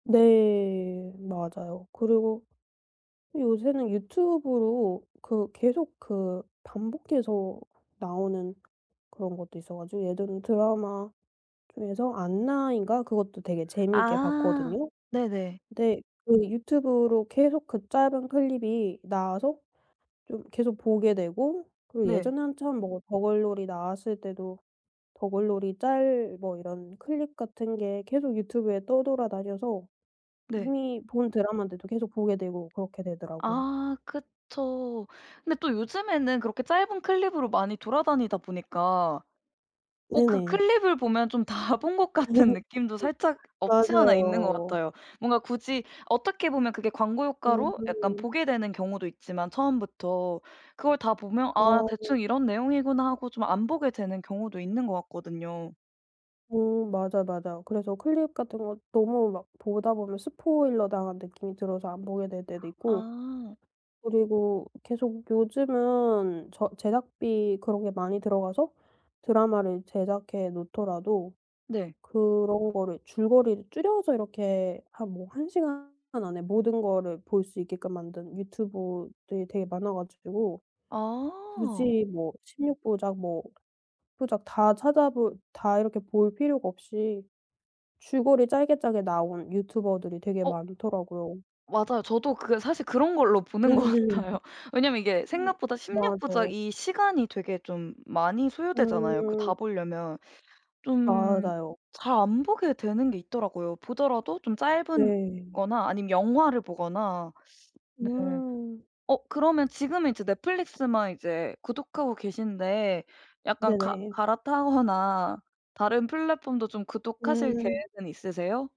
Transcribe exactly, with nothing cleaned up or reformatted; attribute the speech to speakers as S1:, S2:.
S1: 네. 맞아요. 그리고 요새는 유튜브로 그 계속 그 반복해서 나오는 그런 것도 있어 가지고 예전에 드라마 중에서 안나인가 그것도 되게 재미있게
S2: 아
S1: 봤거든요.
S2: 네네.
S1: 근데 그 유튜브로 계속 그 짧은 클립이 나와서 좀 계속 보게 되고 그리고
S2: 네.
S1: 예전에 한참 뭐 더글로리 나왔을 때도 더글로리 짤 뭐 이런 클립 같은 게 계속 유튜브에 떠돌아다녀서
S2: 네.
S1: 이미 본 드라마인데도 계속 보게 되고 그렇게 되더라고요.
S2: 아 그쵸. 근데 또 요즘에는 그렇게 짧은 클립으로 많이 돌아다니다 보니까 어 그
S1: 네네.
S2: 클립을 보면 좀 다 본 것 같은 느낌도 살짝 없지 않아 있는 것
S1: 맞아요.
S2: 같아요. 뭔가 굳이 어떻게 보면 그게 광고 효과로 약간
S1: 음.
S2: 보게 되는 경우도 있지만 처음부터 그걸 다 보면 '아
S1: 어.
S2: 대충 이런 내용이구나.' 하고 좀 안 보게 되는 경우도 있는 것 같거든요.
S1: 음. 맞아요, 맞아요. 그래서 클립 같은 거 너무 막 보다 보면 스포일러 당한 느낌이 들어서 안 보게 될 때도 있고
S2: 아.
S1: 그리고 계속 요즘은 저 제작비 그런 게 많이 들어가서 드라마를 제작해 놓더라도
S2: 네.
S1: 그런 거를 줄거리를 줄여서 이렇게 한 뭐 한 시간 안에 모든 거를 볼 수 있게끔 만든 유튜버들이 되게 많아 가지고
S2: 아.
S1: 굳이 뭐 십육 부작 뭐 부작 다 찾아볼 다 이렇게 볼 필요가 없이 줄거리 짧게, 짧게 나온 유튜버들이 되게
S2: 어
S1: 많더라고요.
S2: 맞아요. 저도 그 사실 그런 걸로 보는 것 같아요. 왜냐면 이게 생각보다 십육 부작
S1: 맞아요.
S2: 이 시간이 되게 좀 많이 소요되잖아요, 그 다
S1: 음.
S2: 보려면. 좀
S1: 맞아요.
S2: 잘 안 보게 되는 게 있더라고요. 보더라도 좀 짧은
S1: 네.
S2: 거나 아님 영화를 보거나 네.
S1: 음.
S2: 어 그러면 지금은 이제 넷플릭스만 이제 구독하고 계신데 약간 가
S1: 네네.
S2: 갈아타거나 다른 플랫폼도 좀 구독하실
S1: 음.
S2: 계획은 있으세요?